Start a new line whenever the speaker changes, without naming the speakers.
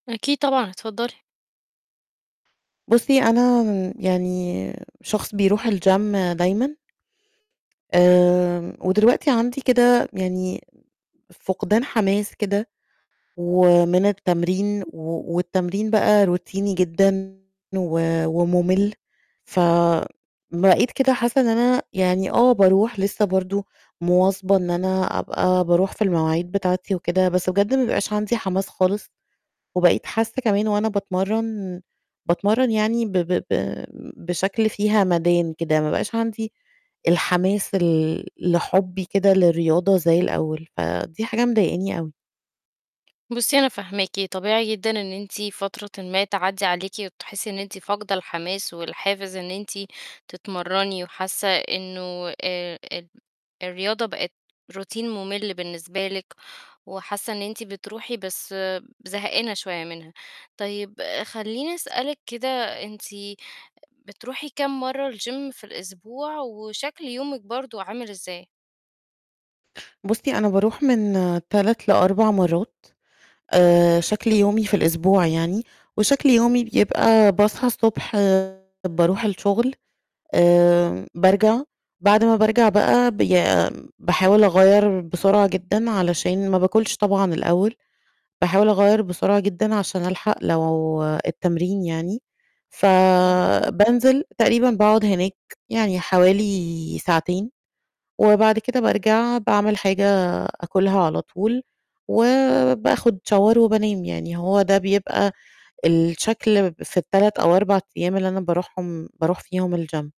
أكيد طبعًا، اتفضلي.
بُصي أنا يعني شخص بيروح الgym دايمًا، آمم، ودلوقتي عندي كده يعني فقدان حماس كده ومن التمرين، و والتمرين بقى روتيني جدًا و وممل فبقيت كده حاسّة إن أنا يعني آه باروح لِسّه برضه مواظبة إن أنا أبقى باروح في المواعيد بتاعتي وكده، بس بجد ما بيبقاش عندي حماس خالص وبقيت حاسة كمان وأنا باتمرّن، باتمرّن يعني ب ب ب بشكل فيه همدان كده ما بقاش عندي الحماس ال لحبي كده للرياضة زي الأول، فدي حاجة مضايقني أوي.
بُصي أنا فاهماكِ، طبيعي جدًا إن أنتِ فترةٍ ما تعدّي عليكِ وتحسّي إن أنتِ فاقدة الحماس والحافز إن أنتِ تتمرني وحاسّة إنه آآ، ال الرياضة بقت روتين ممل بالنسبة لِك وحاسّة إن أنتِ بتروحي بس زهانة شوية منها، طيب خلّيني أسألِك كده أنتِ بتروحي كام مَرّة الgym في الأسبوع وشكل يومِك برضه عامل إزاي؟
بُصي أنا باروح من 3 ل4 مَرّات، آآ، شكل يومي في الأسبوع يعني وشكل يومي بيبقى باصحى الصبح باروح الشغل، آآ بارجع، بعد ما بارجع بقى بي باحاول أغيّر بسرعة جدًا علشان ما بآكلش طبعًا الأول، باحاول أغيّر بسرعة جدًا عشان ألحق لو التمرين يعني،
إمم.
فبانزل تقريبًا باقعد هناك يعني حوالي ساعتين، وبعد كده بارجع باعمِل حاجة أكلها على طول وبآخد Shower وبانام. يعني هو ده بيبقى الشكل في ال3 أو 4 أيام اللي أنا باروحهم باروح فيهم الgym.